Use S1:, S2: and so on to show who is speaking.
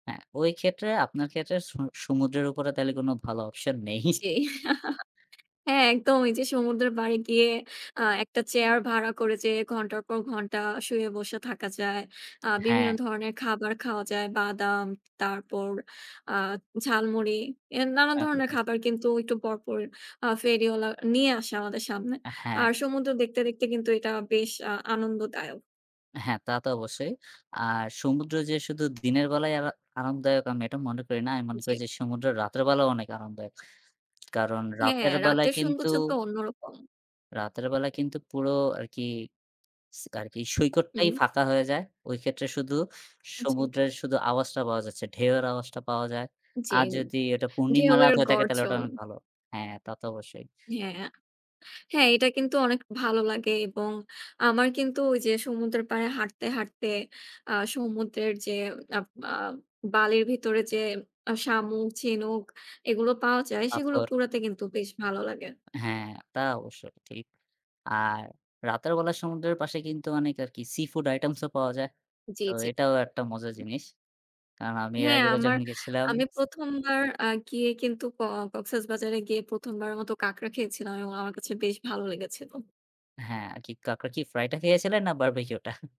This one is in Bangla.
S1: হ্যাঁ, ওই ক্ষেত্রে আপনার ক্ষেত্রে সু সমুদ্রের উপরে তাহলে কোন ভালো option নেই।
S2: জি। হ্যাঁ, একদম ওই যে সমুদ্রের পাড়ে গিয়ে আ একটা চেয়ার ভাড়া করে যেয়ে ঘণ্টার পর ঘণ্টা শুয়ে বসে থাকা যায়। আ বিভিন্ন
S1: হ্যাঁ।
S2: ধরনের খাবার খাওয়া যায়। বাদাম, তারপর আ ঝালমুড়ি। এ নানান ধরনের
S1: [unintelligible]
S2: খাবার কিন্তু একটু পরপর আ ফেরিওয়ালা নিয়ে আসে আমাদের সামনে।
S1: আ হ্যাঁ।
S2: আর সমুদ্র দেখতে, দেখতে, কিন্তু এটা বেশ আ আনন্দদায়ক।
S1: হ্যাঁ, তা তো অবশ্যই। আর সমুদ্র যে শুধু দিনের বেলায় আরা আরামদায়ক আমি এটা মনে করি না। আমি মনে করি
S2: জি।
S1: যে সমুদ্র রাতের বেলাও অনেক আরামদায়ক। কারণ
S2: হ্যাঁ,
S1: রাতের বেলায়
S2: রাতের
S1: কিন্তু
S2: সৌন্দর্য তো অন্যরকম।
S1: রাতের বেলা কিন্তু পুরো আরকি, স আরকি সৈকতটাই
S2: হুম।
S1: ফাঁকা হয়ে যায়। ওই ক্ষেত্রে শুধু
S2: জি।
S1: সমুদ্রের শুধু আওয়াজটা পাওয়া যাচ্ছে, ঢেউয়ের আওয়াজটা পাওয়া যায়।
S2: জি,
S1: আর যদি এটা পূর্ণিমা রাত
S2: ঢেউয়ের
S1: হয়ে থাকে তাহলে ওটা
S2: গর্জন।
S1: অনেক ভালো। হ্যাঁ, তা তো অবশ্যই।
S2: হ্যাঁ, হ্যাঁ, এটা কিন্তু অনেক ভালো লাগে এবং আমার কিন্তু ওইযে সমুদ্রের পাড়ে হাঁটতে, হাঁটতে আ সমুদ্রের যে আপ আ বালির ভেতরে যে আ শামুক, ঝিনুক এগুলো পাওয়া যায়, সেগুলো
S1: পাথর।
S2: কুড়াতে কিন্তু বেশ ভালো লাগে।
S1: হ্যাঁ, তা অবশ্যই ঠিক। আর রাতের বেলা সমুদ্রের পাশে কিন্তু অনেক আরকি seafood items ও পাওয়া যায়।
S2: জি,
S1: তো
S2: জি।
S1: এটাও একটা মজার জিনিস। কারণ আমি এর
S2: হ্যাঁ,
S1: আগেরবার
S2: আমার,
S1: যখন গিয়েছিলাম
S2: আমি ১ম বার আ গিয়ে কিন্তু ক কক্সবাজারে গিয়ে ১ম বারের মতো কাঁকড়া খেয়েছিলাম এবং আমার কাছে বেশ ভালো লেগেছিল।
S1: হ্যাঁ, আরকি কাঁকড়া কি fry টা খেয়েছিলেন? না barbecue টা?